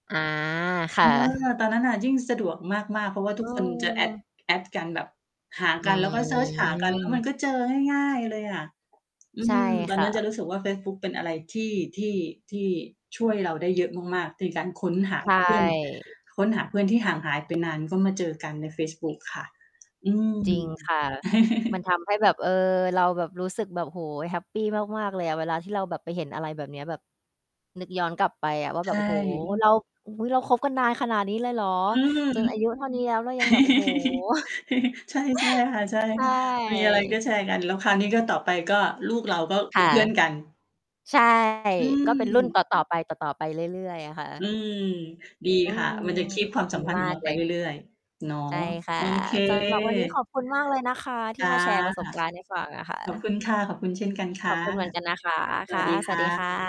อา คเอ่อ ะ ตอนนั้นน่ะยิ่งสะดวกมาก ๆ เพราะว่าเทุกคนจะ add ออ add กันแบบ หาอืกัน แล้วก็เซิร์ชหากัน แล้วมัม นก็เจอง่าย ๆ เลยอะ อืใช่ม ตอคน่นั้นจะ ะรู้สึกว่าเฟซบุ๊กเป็นอะไรที่ ที่ ที่ช่วยเราได้เยอะมาก ๆ ในการค้นหาใชเพื่อน ่ ค้นหาเพื่อนที่ห่างหาย ไป นาน ก็มาเจอกันในเฟซบุ๊กค่ะ อืม จริงค่ะ มันทำให้แบบ เออ เราแบบรู้สึกแบบ โอ้โฮ แฮปปีมาก ๆ เลยอะ เวลาที่เราแบบไปเห็นอะไรแบบเนี้ย แบบ นึกย้อนกลับไปอะว่าใแชบบ โอ้โฮ ่ เรา อื้อฮือ เราคบกันนานขนาดนี้เลยเหรอ? อืม จนอายุเท่านี้ แล้วเรายังแบบ โอ้โฮ ใช่ ใช่ค่ะ ใช่ ใชค่ะ ่ มีอะไรก็แชร์กัน แล้วคราวนี้ ก็ ต่อไปก็ลูกเราก็เคป็น่ะ เพื่อนกัน ใช่ อืก็เป็นรุ่นตม ่อ ๆ ไป ต่อ ๆ ไปเรื่อย ๆ อะค่อืะ ม ดีอืค่ะ ม มันจะ keep ความดสัีมพันธ์มขาองเกราเไปลเย รื่อย ๆ เนาะ ใช่ค่ะ โอเค สำหรับ วันนี้ขอบคุณมากเลยนะคะทีจ่้ะ มาแชร์ประสบการณ์ให้ฟังอะค่ขอบะ คุณค่ะ ขอบคุณเช่นกันคข่อบะ คุณเหมือนกันนะคะ สควั่สะ ดีสควั่สดีคะ ่ะ